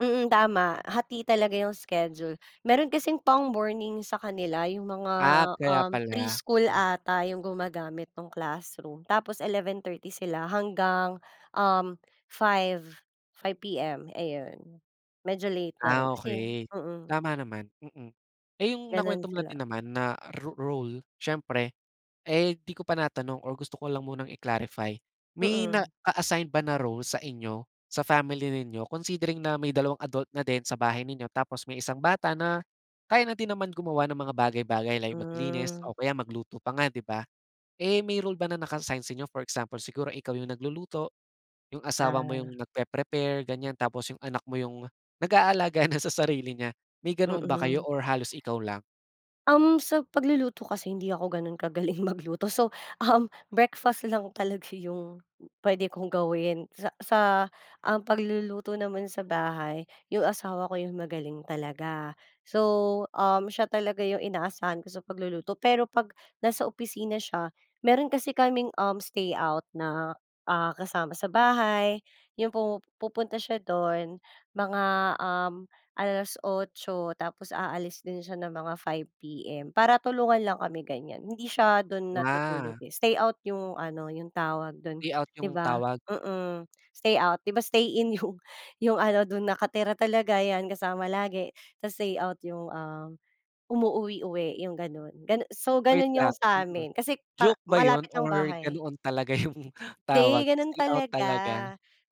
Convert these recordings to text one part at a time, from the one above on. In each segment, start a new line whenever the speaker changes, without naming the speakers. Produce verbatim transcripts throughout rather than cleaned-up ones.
Mm, tama hati talaga 'yong schedule, meron kasing pang-morning sa kanila yung mga,
Ah, kaya
um,
pala
pre-school
m
ata yung gumagamit nung classroom tapos eleven thirty sila hanggang, um, five, five PM ayun. Medyo late na rin
Ah,
kasi
okey
mm.
tama naman, mm. Eh yung
Ganun
nakwento mo na
sila.
din naman na ro role siyempre eh di ko pa natanong or gusto ko lang munang i-clarify may
Mm.
na-assign ba na role sa inyo sa family ninyo considering na may dalawang adult na din sa bahay ninyo tapos may isang bata na kaya na din naman gumawa ng mga bagay-bagay like maglinis
Mm.
o kaya magluto pa nga di ba. Eh may role ba na naka-assign sa inyo? For example siguro ikaw yung nagluluto, yung asawa mo yung
Ah.
nagpe-prepare ganyan, tapos yung anak mo yung nag-aalaga na sa sarili niya, may ganoon ba kayo
Mm.
or halos ikaw lang?
Um, sa pagluluto kasi hindi ako ganun kagaling magluto so, um, breakfast lang talaga yung pwede kong gawin sa sa, ah, pagluluto naman sa bahay yung asawa ko yung magaling talaga. So, um, siya talaga yung inaasahan ko sa pagluluto pero pag nasa opisina siya meron kasi kaming, um, stay-out na, ah, kasama sa bahay yung pumu pupunta siya dun. Mga, um, alas otso tapos aalis din siya ng mga five PM para tulungan lang kami ganyan. Hindi siya dun
Ah.
natutulog eh stay-out yung ano 'yong tawag dun
Stay-out
di
yung
ba,
tawag?
mm, stay-out. Di ba stay-in yung yung ano dun nakatira talaga 'yan kasama lagi tas stay-out yung, ah, umuuwi-uwi 'yong ganon gan so
Wait
ganon 'yong
lang, mm.
samin kasi para
Joke ba yun
malapit lang
or
bahay.
ganoon talaga yung tawag
Hindi ganun
stay-out
talaga,
talaga?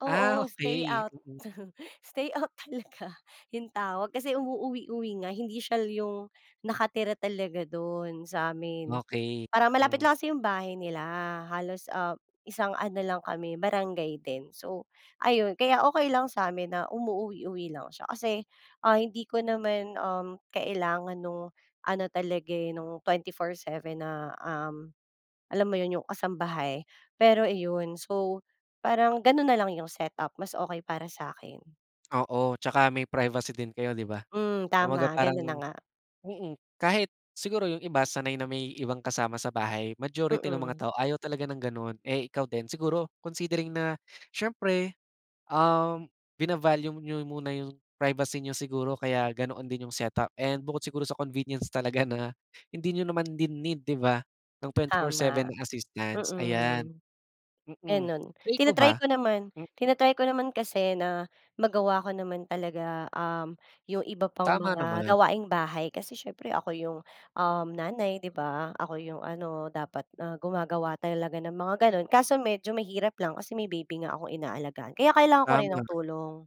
oo
Ah, okey.
stay-out,
Mm.
stay-out talaga yung tawag kasi umuuwi-uwi nga hindi syal yung nakatira talaga dun samin
Okey
parang malapit
m
lang kasi yung bahay nila halos, ah, isang ano lang kami barangay din. So ayun kaya okey lang samin na umuuwi-uwi lang siya kasi, ah, hindi ko naman um kailangan nung ano talaga eh nung twenty four seven na, um, alam mo yun yung kasambahay, pero iyon so parang ganun nalang yung set-up mas okey para sakin.
Oo tsaka may privacy din kayo di ba.
Mm,
Kumbaga
tama
parang
ganun na nga.
mm, kahit siguro yung iba sanay na may ibang kasama sa bahay, majority ng mga
Mm.
tao ayaw talaga ng ganun. Eh ikaw din siguro considering na siyempre, um, vina-value niyo muna yung privacy niyo siguro kaya ganoon din yung set-up and bukod siguro sa convenience talaga na hindi niyo naman din need di ba ng twenty four seven
Tama,
na assistance ayan.
mm.
Mm,
Ganon
eh ikaw
tina-try
ba?
ko naman
M
tina-try ko naman kasi na magawa ko naman talaga, um, yung iba pang
Tama
mga
naman.
gawaing bahay kasi siyempre ako yung, um, nanay di ba ako yung ano dapat na gumagawa talaga ng mga ganon kaso medyo mahirap lang kasi may baby nga akong inaalagaan kaya kailangan ko rin
Tama.
ng tulong.